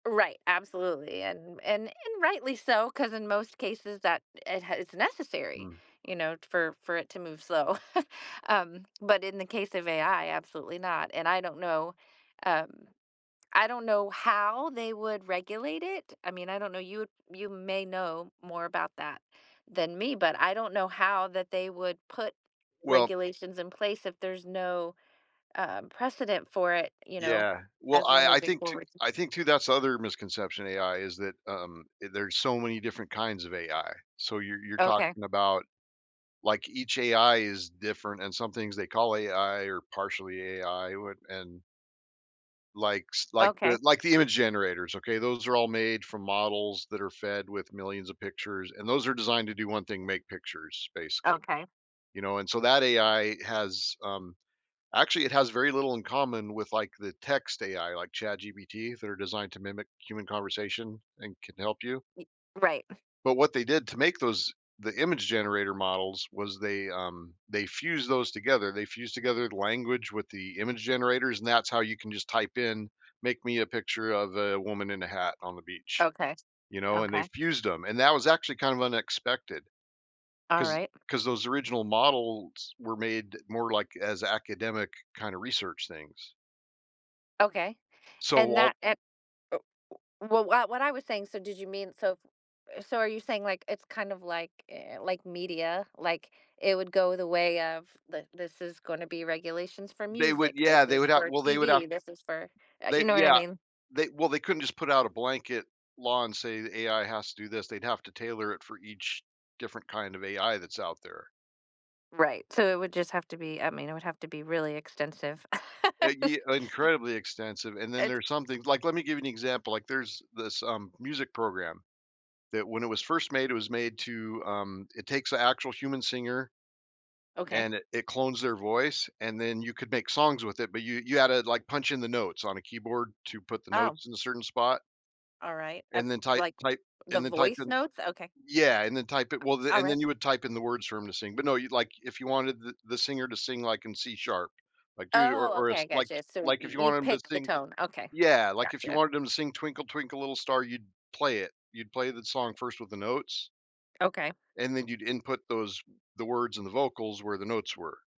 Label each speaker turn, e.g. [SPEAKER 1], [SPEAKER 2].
[SPEAKER 1] Right, absolutely, and and and rightly so, 'cause in most cases that it has it's necessary,
[SPEAKER 2] Mm.
[SPEAKER 1] you know, t for for it to move slow, um, but in the case of AI, absolutely not, and I don't know um, I don't know how they would regulate it. I mean, I don't know, you you may know more about that than me, but I don't know how that they would put
[SPEAKER 2] Well
[SPEAKER 1] regulations in place if there's no, um, precedent for it, you know,
[SPEAKER 2] Yeah, well,
[SPEAKER 1] as we're
[SPEAKER 2] I I
[SPEAKER 1] moving
[SPEAKER 2] think to
[SPEAKER 1] forward.
[SPEAKER 2] I think, too, that's the other misconception of AI is that, um, eh, there's so many different kinds of AI. So you're you're
[SPEAKER 1] Okay.
[SPEAKER 2] talking about like each AI is different and some things they call AI or partially AI w and Like s like
[SPEAKER 1] Okay.
[SPEAKER 2] the like the image generators, okay? Those are all made from models that are fed with millions of pictures, and those are designed to do one thing: make pictures, basically,
[SPEAKER 1] Okay.
[SPEAKER 2] you know? And so, that AI has, um actually it has very little in common with, like, the text AI like ChatGPT that are designed to mimic human conversation and can help you.
[SPEAKER 1] Mm right.
[SPEAKER 2] But what they did to make those the image generator models was they, um they fused those together. They fused together the language with the image generators, and that's how you can just type in, "Make me a picture of a woman in a hat on the beach,"
[SPEAKER 1] Okay.
[SPEAKER 2] you know, and they
[SPEAKER 1] Okay.
[SPEAKER 2] fused them, and that was actually kind of unexpected,
[SPEAKER 1] All
[SPEAKER 2] 'cause
[SPEAKER 1] right.
[SPEAKER 2] 'cause those original models were made more like as academic kind of research things.
[SPEAKER 1] Okay.
[SPEAKER 2] So,
[SPEAKER 1] And
[SPEAKER 2] while
[SPEAKER 1] that and oh, uh, well, what what I was saying, so did you mean, so eh, so are you saying, like, it's kind of like eh, like media, like, it would go the way of, "Th this is gonna be regulations for
[SPEAKER 2] They would
[SPEAKER 1] music,
[SPEAKER 2] yeah,
[SPEAKER 1] this
[SPEAKER 2] they
[SPEAKER 1] is
[SPEAKER 2] would have
[SPEAKER 1] for
[SPEAKER 2] well, they would have
[SPEAKER 1] TV, this is for" Uh, you
[SPEAKER 2] They
[SPEAKER 1] know what I
[SPEAKER 2] yeah,
[SPEAKER 1] mean?
[SPEAKER 2] they well, they couldn't just put out a blanket law and say the AI has to do this, they'd have to tailor it for each different kind of AI that's out there.
[SPEAKER 1] Right, so it would just have to be I mean, it would have to be really extensive.
[SPEAKER 2] Uh, ye incredibly extensive, and then
[SPEAKER 1] It
[SPEAKER 2] there's something like, let me give you an example, like there's this, um, music program that when it was first made, it was made to, um it takes the actual human singer
[SPEAKER 1] Okay.
[SPEAKER 2] and it it clones their voice, and then you could make songs with it, but you you had to, like, punch in the notes on a keyboard to put the
[SPEAKER 1] Oh.
[SPEAKER 2] notes in a certain spot
[SPEAKER 1] All right. Uh
[SPEAKER 2] and then type
[SPEAKER 1] like,
[SPEAKER 2] type
[SPEAKER 1] the
[SPEAKER 2] and then type
[SPEAKER 1] voice
[SPEAKER 2] in
[SPEAKER 1] notes? Okay.
[SPEAKER 2] Yeah, and then type it well,
[SPEAKER 1] All
[SPEAKER 2] and
[SPEAKER 1] right.
[SPEAKER 2] then you would type in the words for him to sing, but no, you'd like if you wanted the the singer to sing, like, in C sharp, like, dude or
[SPEAKER 1] Oh,
[SPEAKER 2] or
[SPEAKER 1] okay, I
[SPEAKER 2] it's
[SPEAKER 1] got
[SPEAKER 2] like
[SPEAKER 1] you. So, you
[SPEAKER 2] like if you
[SPEAKER 1] you
[SPEAKER 2] want him to
[SPEAKER 1] picked the
[SPEAKER 2] sing
[SPEAKER 1] tone. Okay.
[SPEAKER 2] Yeah, like if you
[SPEAKER 1] Gotcha.
[SPEAKER 2] wanted him to sing Twinkle Twinkle Little Star, you'd play it. You'd play the song first with the notes
[SPEAKER 1] Okay.
[SPEAKER 2] and then you'd input those the words and the vocals where the notes were.